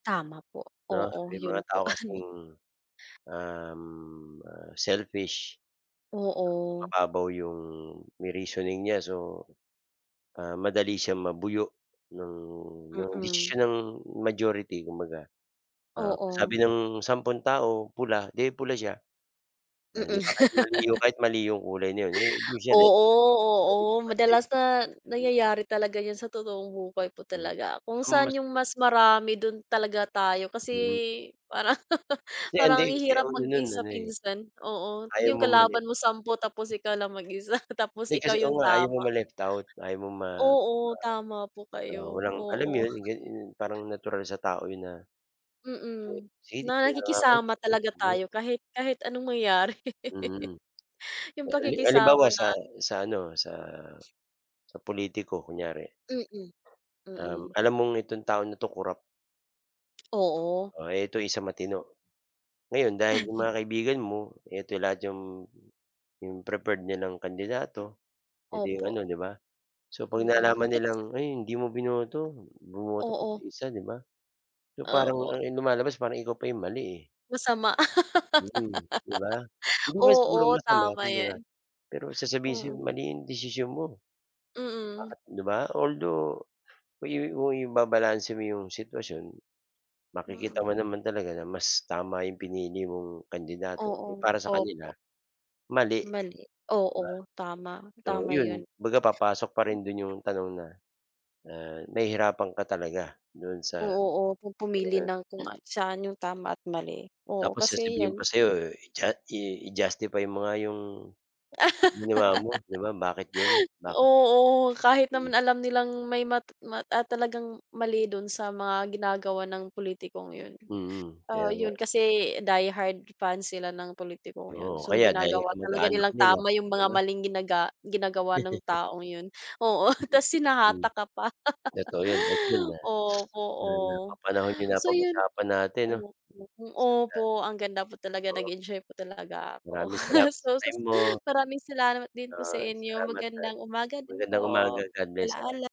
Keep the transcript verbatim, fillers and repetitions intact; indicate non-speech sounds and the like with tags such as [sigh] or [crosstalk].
Tama po, 'No? oo, May mga yun tao po. kasing, um, ah, selfish. Oo. Mababaw yung yung reasoning niya. So, ah, madali siyang mabuyo, nung nung Mm. desisyon ng majority kumbaga. Ah, Oo. sabi ng sampong tao pula, di pula siya, 'di Mm. ba? Yan kahit mali yung [laughs] kahit mali yung kulay na 'yon, eh, do'n siya dahil bukod Oo, sa oo, pansin madalas na mm. nangyayari talaga yun sa totoong buhay po Hmm. talaga. Kung Ang mas saan yung mas marami, do'n talaga tayo, kasi Mm. parang Si Andi, parang ang si hirap ano no'n, mag-isa ano, eh, minsan. Oo, ayaw yung mamali. kalaban mo sampu tapos ikaw lang mag-isa, tapos Hindi kasi ikaw oo yung nga, ayaw mo tama. ma-left out, ayaw mo ma Oo, tama po ma oo, kayo. walang alam mo Oo. 'yon? Yung gan i Parang natural sa tao yun na, bot Mm. sige, Na dito na ako. nakikisama talaga [unintelligible] tayo kahit kahit anong mangyari. Mm. [laughs] Yung Hali halimbawa pakikisama na sa sa ano, sa sa pulitiko kunyari. Mm. Um, Mm. alam mong itong tao na 'to kurap. Oo. Oh, eto isang matino. Ngayon dahil 'yong Ay. mga kaibigan mo, eto lahat 'yong 'yong preferred nilang kandidato, eh di Opo. ano, 'di ba? So 'pag Mm, nalaman naki nilang, ay hindi mo binoto, bumoto ka sa Oo. isa, 'di ba? So parang Opo. ang lumalabas parang ikaw pa 'yong mali, eh. Masama. Mm, di ba? [laughs] Hindi naman siguro Oo, masama tama kumbaga, yan. pero sasabihin sayo, Mm. mali yung desisyon mo. Mm. Bakit 'di ba? Although, yo yo ibabalanse mo 'yong sitwasyon, makikita mo Mm. naman talaga na mas tama 'yong pinili mong kandidato pero Oo. para sa kanila, Opo. mali, Mali, di ba? oo, tama, So tama yun. 'yon, kumbaga papasok pa rin do'n 'yong tanong na na nahihirapan ka talaga do'n sa sa Oo, oh, kung pumili ganon. ng kung a saan yung tama at mali. Oo, Tapos kasi sasabihin yan, pa sa'yo, di ba? i-ju i-justify mo nga 'yong, ginawa mo, 'di [laughs] ba? Bakit 'yon? Bakit? Oo, kahit naman alam nilang may mat mat at talagang mali do'n sa mga ginagawa ng pulitikong yun, Mm, ah, kaya nga. yun kasi die hard fan sila ng pulitikong yun. Oo, So kaya dahil ginagawa talaga kamag-anak nilang nila, tama yung di mga ba? maling ginaga ginagawa ng [chuckles] taong yun. Oo, ta's Hmm. hinatak ka pa. Totoo 'yon at yon [laughs] nga, [sniffs] Opo, na oh. napapanahon 'yong So yun napag-usapan natin 'no? opo, opo, [unintelligible] ang ganda po talaga, Oo. nag-enjoy po talaga ako. Maraming [chuckles] salamat sa So sa time mo. maraming salamat din po sa Yon, inyo. salamat at, Magandang umaga din po, magandang umaga. God bless, palaala salamat.